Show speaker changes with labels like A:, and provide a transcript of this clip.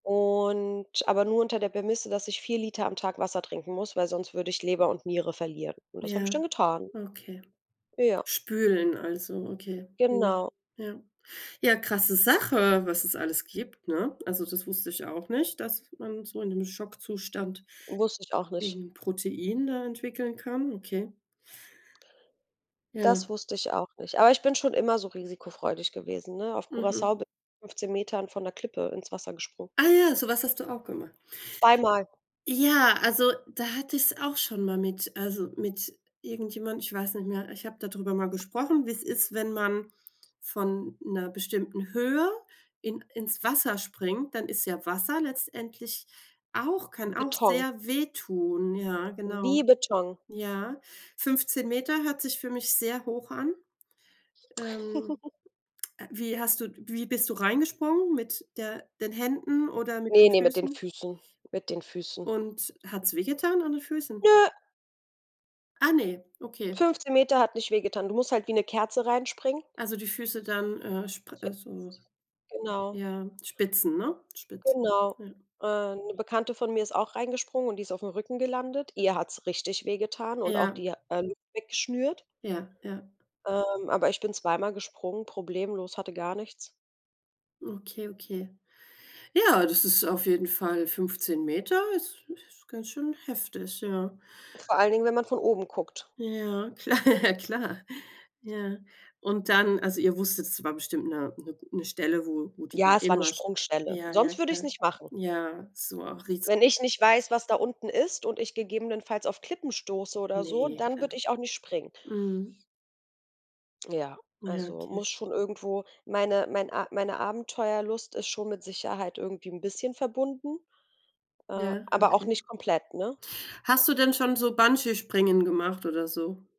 A: Und, aber nur unter der Prämisse, dass ich 4 Liter am Tag Wasser trinken muss, weil sonst würde ich Leber und Niere verlieren. Und das habe ich dann
B: Ja,
A: getan.
B: okay.
A: Ja.
B: Spülen also, okay. Mhm.
A: Genau.
B: Ja. Ja, krasse Sache, was es alles gibt, ne? Also, das wusste ich auch nicht, dass man so in dem Schockzustand
A: Wusste ich auch nicht.
B: irgend 'n Protein da entwickeln kann. Okay.
A: Das
B: Ja.
A: wusste ich auch nicht, aber ich bin schon immer so risikofreudig gewesen, ne? Auf
B: Mhm.
A: Curaçao bin 15 Metern von 'ner Klippe ins Wasser gesprungen.
B: Ah ja, so was hast du auch gemacht?
A: 2 mal.
B: Ja, also, da hatte ich's auch schon mal mit also, mit irgendjemandem, ich weiß nicht mehr ich habe da drüber mal gesprochen, wie's ist, wenn man von 'ner bestimmten Höhe in ins Wasser springt, dann ist ja Wasser letztendlich auch kann auch
A: Beton.
B: sehr wehtun. Ja, genau.
A: Wie Beton.
B: Ja. 15 Meter hört sich für mich sehr hoch an. Ähm, wie hast du wie bist du reingesprungen mit der den Händen oder mit den
A: Ne, ne, mit den
B: Füßen?
A: Füßen, mit den Füßen.
B: Und hat's wehgetan an den Füßen?
A: Ne.
B: Ah ne, okay.
A: 15 Meter hat nicht wehgetan. Du musst halt wie 'ne Kerze reinspringen.
B: Also die Füße dann, äh, spr also,
A: Zuerst, genau.
B: ja Spitzen, ne spitz.
A: Genau.
B: Ja.
A: Äh, 'ne Bekannte von mir ist auch reingesprungen und die ist aufm Rücken gelandet. Ihr hat's richtig wehgetan und auch
B: Ja.
A: die, äh, Lunge weggeschnürt.
B: Ja, ja.
A: Ähm, aber ich bin zwei mal gesprungen, problemlos, hatte gar nichts.
B: Okay, okay. Ja, das ist auf jeden Fall 15 Meter ist ist ganz schön heftig, ja.
A: Vor allen Dingen, wenn man von oben guckt.
B: Ja, kla klar Ja. Und dann also, ihr wusstet, es war bestimmt 'ne 'ne Stelle, wo wo die da
A: Ja, es war 'ne
B: immer sp
A: Sprungstelle,
B: ja, ja,
A: sonst würde ich es
B: klar.
A: nicht machen.
B: Ja, so auch
A: Wenn
B: Risiken.
A: ich nicht weiß, was da unten ist und ich gegebenenfalls auf Klippen stoße oder so,
B: Ne,
A: dann
B: klar.
A: würde ich auch nicht springen.
B: Mhm.
A: Ja,
B: Ja,
A: also,
B: okay.
A: muss schon irgendwo meine mein A meine Abenteuerlust ist schon mit Sicherheit irgendwie 'n bisschen verbunden, äh,
B: Ja,
A: aber auch
B: okay.
A: nicht komplett, ne?
B: Hast du denn schon so Bungeespringen gemacht oder so?